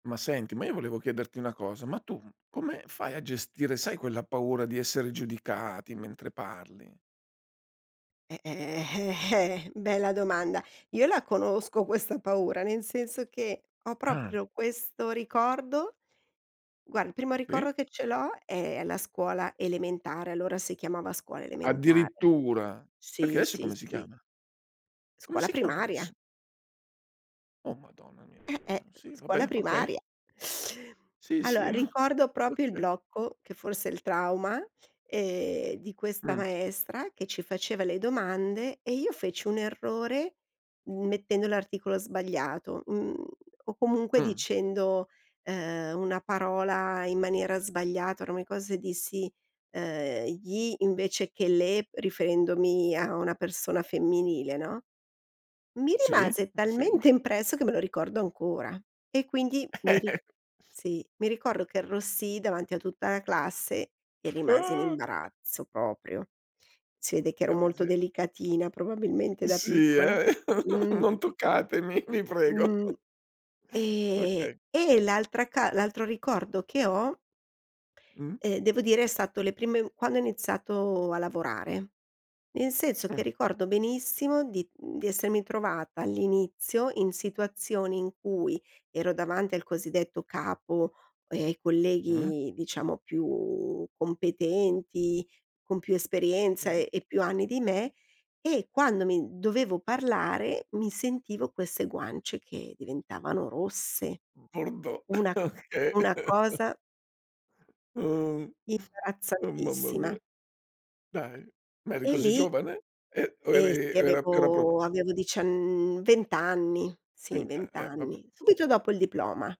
Ma senti, ma io volevo chiederti una cosa, ma tu come fai a gestire, sai quella paura di essere giudicati mentre parli? Eh, eh, eh, eh, bella domanda, io la conosco questa paura, nel senso che, ho Ah. proprio questo ricordo Guar il primo Sì. ricordo che ce l'ho, è la scuola elementare, allora si chiamava scuola elementare. Addirittura, perché Sì, adesso sì, come si sì. chiama? Come Scuola si chiama primaria. adesso? Oh madonna mia, Eh-eh, sì scuola vabbè okay. primaria. Sì, sì, Allora, ricordo proprio il okay. blocco, che forse è il trauma, ehm, di questa Mh. maestra che ci faceva le domande e io feci un errore m mettendo l'articolo sbagliato, mhmm, o comunque Mh. dicendo, ehm, una parola in maniera sbagliata, ora mi ricor se dissi, ehm "gli" invece che "le" riferendomi a una persona femminile, no, mi Sì, rimase ti seguo. talmente impresso che me lo ricordo ancora e quindi mi ri sì, mi ricordo che arrossii davanti a tutta la classe e rimasi in Uh. imbarazzo proprio. Si vede che ero Orca molto mise delicatina, probabilmente da Sì piccola. eh, Mh. non toccatemi, vi prego. Mh, ehm, Okay. e l'altra ca l'altro ricordo che ho Mh. ehm, devo dire, è stato le prime quando ho iniziato a lavorare, nel senso che Mh. ricordo benissimo di, mhmm, di essermi trovata all'inizio in situazioni in cui ero davanti al cosiddetto capo, ehm, Mh. colleghi diciamo più competenti, con più esperienza Okay. e e più anni di me e quando mi dovevo parlare, mi sentivo queste guance che diventavano rosse. Bordeaux. Una Okay. una cosa Uh. Oh mamma mia, imbarazzantissima. dai, ma eri E così lì giovane? Eh o Ehm, eri sì, o era era proprio avevo avevo diciann 20 anni, [unintelligible] sì 20 Eh, vabbè anni, inso subito dopo il diploma.